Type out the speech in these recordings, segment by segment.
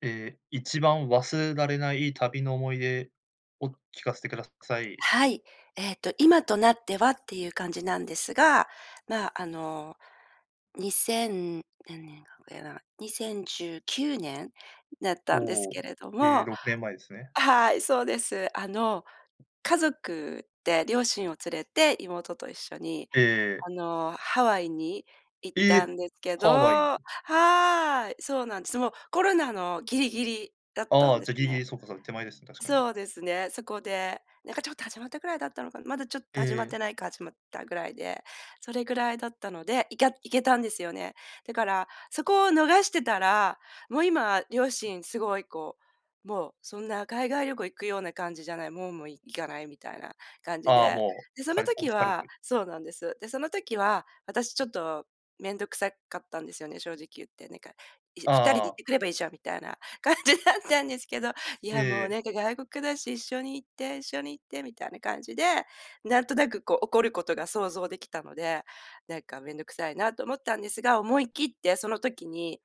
え、一番忘れられない旅の思い出を聞かせてください。はい、えっと、今となっては、っていう感じなんですが、ま、あの二千何年だっけな、2019年だったんですおけお、れどえ、も。6年前ですね。はい、そうです。あの家族で両親を連れて妹と一緒に、ええ。あのハワイに行ったえ、んですけどハワイ。はい、そうなんです。もうコロナのギリギリだったあんあ、でじすゃ、ギリギね。リ、そうかそうか、手前ですね、確かに。そうですね。そこで、なんかちょっと始まったくらいだったのかな。まだちょっとえ始まってえ。ないか始まったぐらいで、それぐらいだったので、いきゃ、行けたんですよね。だからそこを逃してたら、もう今両親すごいこう、もうそんな海外旅行行くような感じじゃない、もうもう行かないみたいな感じああ、で、もで、う、そ疲のれこう、時疲れたはり。そうなんです。で、その時は、私ちょっと、めんどくさかったんですよね、正直言って、なんか、「いやあ二人であ行っああ。てくればいいじゃん」みたいな感じだったんですけど、「いええや、もえうえ。なんか外国だし、一緒に行って、一緒に行って」みたいな感じで、なんとなくこう起こることが想像できたので、なんか、めんどくさいなと思ったんですが、思い切ってその時に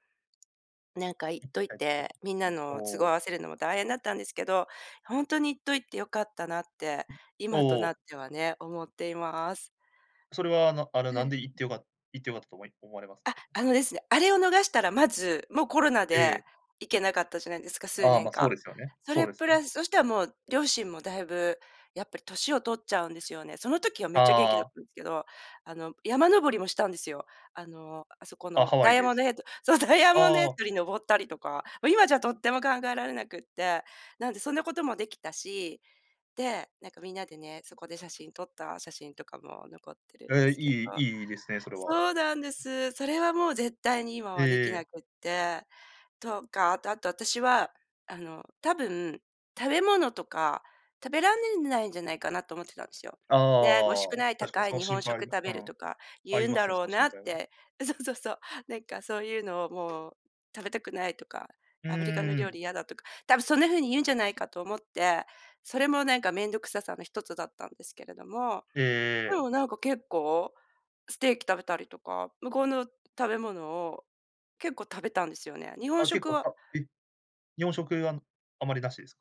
なんか行っといて、みんな [unintelligible] おの都合合お。わせるのも大変だったんですけど、ほんとに行っといて良かったなって、うん、お今となっお。てはね、思っています。それは、あのあのはなんい。で行って良か行って良かったと思い思われますか？あ、あのですね、あれを逃したらまず、もうコロナえでえ。行けなかったじゃないですか、数あ、年ま、そう間。ですよね、そそうれですプね。ラス、そしたらもう両親もだいぶ、やっぱり年を取っちゃうんですよね。その時はめっちゃ元気あだっあ。たんですけど、あの山登りもしたんですよ。あの、あそこあ、のハワダイイヤでモンすドヘッド、そう、ダイヤモンドヘあッあ。ドに登ったりとか、もう今じゃとっても考えられなくって、なんで、そんなこともできたし、で、なんかみんなでね、そこで写真撮った写真とかも残ってるんでええ、すけど。いいいいですね、それは。そうなんです。それはもう絶対に今ええはできなええ。くって。とか、あと私は、あの多分、食べ物とか食べられないんじゃないかなと思ってたんですよ。ああね、美味あしくあああ、ない確かに高いその日心本配食食べうるん。とか、あ言りうんまだすね、ろそうの心なっ配は。て。そうそうそう。なんかそういうのを、もう「食べたくない」とか、う「アメリカのー料ん。理嫌だ」とか、たぶんそんな風に言うんじゃないかと思って、それもなんかめんどくささの一つだったんですけれども、ええでええ。もなんか結構、ステーキ食べたりとか、向こうの食べ物を結構食べたんですよね、日本あ、結食構はたえ、日本食は、あまりなしですか？